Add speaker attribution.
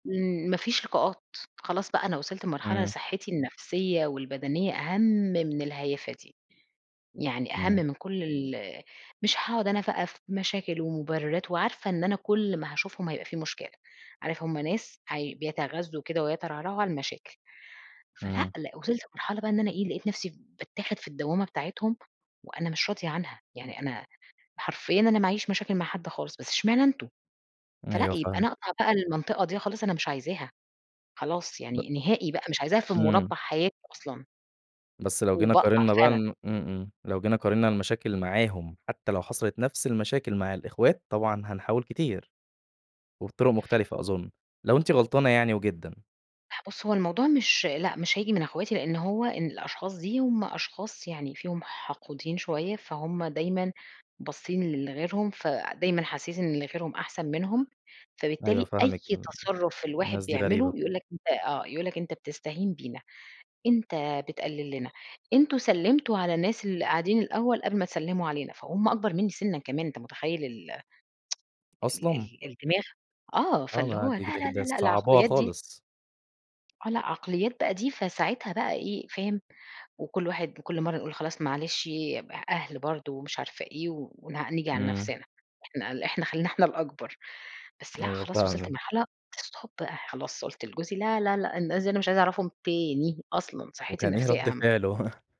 Speaker 1: امم ما فيش لقاءات، خلاص بقى أنا وصلت لمرحلة
Speaker 2: إمم.
Speaker 1: صحتي النفسيّة والبدنية أهم من الهيافة دي. يعني أهم
Speaker 2: إمم.
Speaker 1: من كل ال مش هاقعد أنا بقى في مشاكل ومبررات، وعارفة إن أنا كل ما هاشوفهم هيبقى في مشكلة. عارف همّ ناس هي بيتغزوا كده ويترعرعوا على المشاكل، فلأ
Speaker 2: إمم.
Speaker 1: لأ وصلت مرحلة بقى إن أنا إيه لقيت نفسي باتاخد في الدوامة بتاعتهم، وأنا مش راضية عنها، يعني أنا حرفيًا أنا ما عيش مشاكل مع حد خالص بس إشمعنا أنتم، فلأ
Speaker 2: أيوه،
Speaker 1: يبقى أنا
Speaker 2: فاهمِك.
Speaker 1: أقطع بقى للمنطقة دي خلاص أنا مش عايزاها، خلاص
Speaker 2: ب
Speaker 1: يعني نهائي بقى مش عايزاها في
Speaker 2: إمم.
Speaker 1: مربع حياتي أصلًا.
Speaker 2: بس لو جينا
Speaker 1: وباقطع
Speaker 2: قارننا بقى ن
Speaker 1: فعلًا.
Speaker 2: إمم، إمم، لو جينا قارننا المشاكل معاهم، حتّى لو حصلت نفس المشاكل مع الأخوات طبعًا هنحاول كتير. وبطرق مختلفة أظن لو أنتِ غلطانة يعني وجدًا.
Speaker 1: بُص هو الموضوع مش لأ، مش هيجي من أخواتي لأن هو إن الأشخاص دي هم أشخاص يعني فيهم حقودين شويّة، فهمّ دايمًا باصين ل لغيرهم، فدايمًا حاسين إن غيرهم أحسن منهم،
Speaker 2: أيوه
Speaker 1: فبالتالي أي
Speaker 2: فاهمِك، ال
Speaker 1: تصرف الواحد
Speaker 2: الناس دي
Speaker 1: بيعمله
Speaker 2: غريبة.
Speaker 1: يقول لك أنت آه، يقول لك أنت بتستهين بينا، أنت بتقلل لنا أنتم سلمتوا على الناس اللي قاعدين الأوّل قبل ما تسلموا علينا، فهم أكبر مِنّي سنًا كمان أنت متخيّل؟ ال ال
Speaker 2: أصلًا!
Speaker 1: ال الدماغ آه
Speaker 2: آه،
Speaker 1: فاللي
Speaker 2: ما
Speaker 1: هو لا،
Speaker 2: هي دي
Speaker 1: لا،
Speaker 2: كده
Speaker 1: لا،
Speaker 2: د
Speaker 1: لا، لأ
Speaker 2: مصعباها
Speaker 1: العقليات دي
Speaker 2: خالص.
Speaker 1: آه، لأ عقليات بقى دي، فساعتها بقى إيه فاهم؟ وكل واحد كل مرّة نقول خلاص معلش أ أهل برضو ومش عارفة إيه ون نيجي على
Speaker 2: إمم.
Speaker 1: نفسنا. إحنا ل إحنا خلّينا إحنا الأكبر، بس لأ
Speaker 2: أيوه.
Speaker 1: خلاص وصلت
Speaker 2: فاهمِك.
Speaker 1: لمرحلة stop خلاص قلت لجوزي: "لا، لا، لأ، الناس دي مش عايزة أعرفهم تاني أصلًا، صحتي
Speaker 2: وكان إيه
Speaker 1: النفسيّة
Speaker 2: رد
Speaker 1: أهم."
Speaker 2: فعله؟